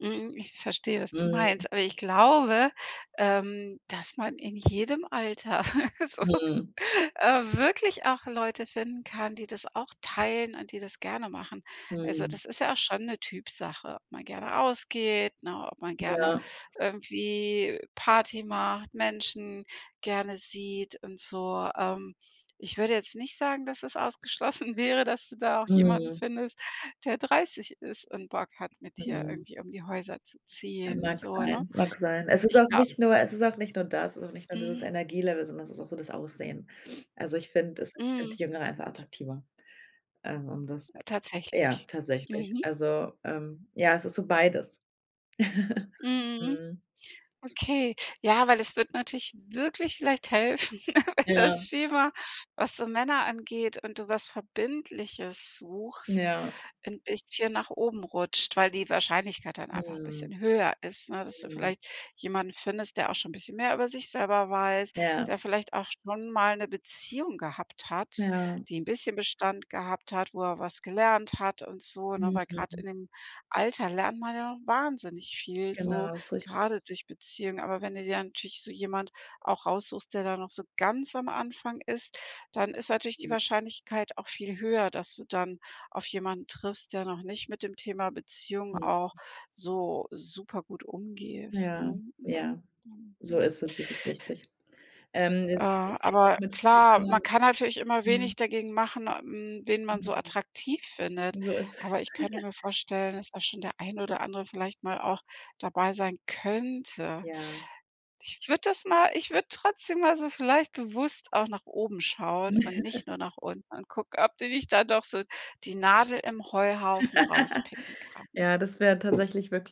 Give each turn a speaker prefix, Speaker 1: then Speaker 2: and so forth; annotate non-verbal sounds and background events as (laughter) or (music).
Speaker 1: Mhm. Ich verstehe, was du
Speaker 2: Mhm.
Speaker 1: meinst, aber ich glaube, ähm, dass man in jedem Alter (laughs) so,
Speaker 2: Mhm.
Speaker 1: äh, wirklich auch Leute finden kann, die das auch teilen und die das gerne machen. Also
Speaker 2: Mhm.
Speaker 1: das ist ja auch schon 'ne Typsache, ob man gerne ausgeht, ne? Ob man gerne
Speaker 2: Ja.
Speaker 1: irgendwie Party macht, Menschen gerne sieht und so. Ähm, ich würde jetzt nicht sagen, dass es ausgeschlossen wäre, dass du da auch jemanden
Speaker 2: Mhm.
Speaker 1: findest, der 30 ist und Bock hat, mit dir
Speaker 2: Mhm.
Speaker 1: irgendwie um die Häuser zu ziehen,
Speaker 2: Mag
Speaker 1: so, ne?
Speaker 2: sein, mag sein. Es ist
Speaker 1: Ich
Speaker 2: auch
Speaker 1: glaub
Speaker 2: nicht nur es ist auch nicht nur das, sondern nicht nur dieses
Speaker 1: Mhm.
Speaker 2: Energielevel, sondern es ist auch so das Aussehen. Also ich finde es ich
Speaker 1: Mhm.
Speaker 2: finde Jüngere einfach attraktiver. Ähm, um das ja,
Speaker 1: Tatsächlich.
Speaker 2: tatsächlich.
Speaker 1: Mhm.
Speaker 2: Also, ähm ja, es ist so beides. (giggles)
Speaker 1: Mhm,
Speaker 2: Mhm.
Speaker 1: okay. Ja, weil es wird natürlich wirklich vielleicht helfen, (giggles) wenn das
Speaker 2: Ja.
Speaker 1: Schema, was so Männer angeht und du was Verbindliches suchst,
Speaker 2: Ja.
Speaker 1: 'n bisschen nach oben rutscht, weil die Wahrscheinlichkeit dann einfach 'n
Speaker 2: Mhm.
Speaker 1: bisschen höher ist, ne, dass du
Speaker 2: Mhm.
Speaker 1: vielleicht jemanden findest, der auch schon 'n bisschen mehr über sich selber weiß,
Speaker 2: Ja.
Speaker 1: der vielleicht auch schon mal 'ne Beziehung gehabt hat,
Speaker 2: Ja.
Speaker 1: die 'n bisschen Bestand gehabt hat, wo er was gelernt hat und so, ne? Weil grad
Speaker 2: Mhm.
Speaker 1: in dem Alter lernt man ja noch wahnsinnig viel so,
Speaker 2: Genau, ist rich
Speaker 1: gerade durch Beziehung. Aber wenn du dir natürlich so jemand auch raussuchst, der da noch so ganz am Anfang ist, dann ist natürlich die
Speaker 2: Mhm.
Speaker 1: Wahrscheinlichkeit auch viel höher, dass du dann auf jemanden triffst, der noch nicht mit dem Thema Beziehung
Speaker 2: Mhm.
Speaker 1: auch so super gut umgehst,
Speaker 2: Ja,
Speaker 1: ne? Als
Speaker 2: ja.
Speaker 1: mhm,
Speaker 2: So
Speaker 1: mhm.
Speaker 2: ist es, das ist richtig. Ähm, das
Speaker 1: Äh,
Speaker 2: ist ich rede auch
Speaker 1: aber
Speaker 2: viel mit
Speaker 1: klar, man
Speaker 2: anderen
Speaker 1: kann natürlich immer
Speaker 2: mhm.
Speaker 1: wenig dagegen machen, äh hm, wen man so
Speaker 2: Mhm.
Speaker 1: attraktiv findet,
Speaker 2: So ist es.
Speaker 1: aber ich könnte mir
Speaker 2: (giggles)
Speaker 1: vorstellen, dass da schon der ein oder andere vielleicht mal auch dabei sein könnte.
Speaker 2: Ja.
Speaker 1: Ich würde das mal ich würde trotzdem mal so vielleicht bewusst auch nach oben schauen und
Speaker 2: (laughs)
Speaker 1: nicht nur nach unten und gucken, ob du nicht da doch so die Nadel im Heuhaufen rauspicken
Speaker 2: (laughs) Ja,
Speaker 1: kannst.
Speaker 2: das wäre tatsächlich wirk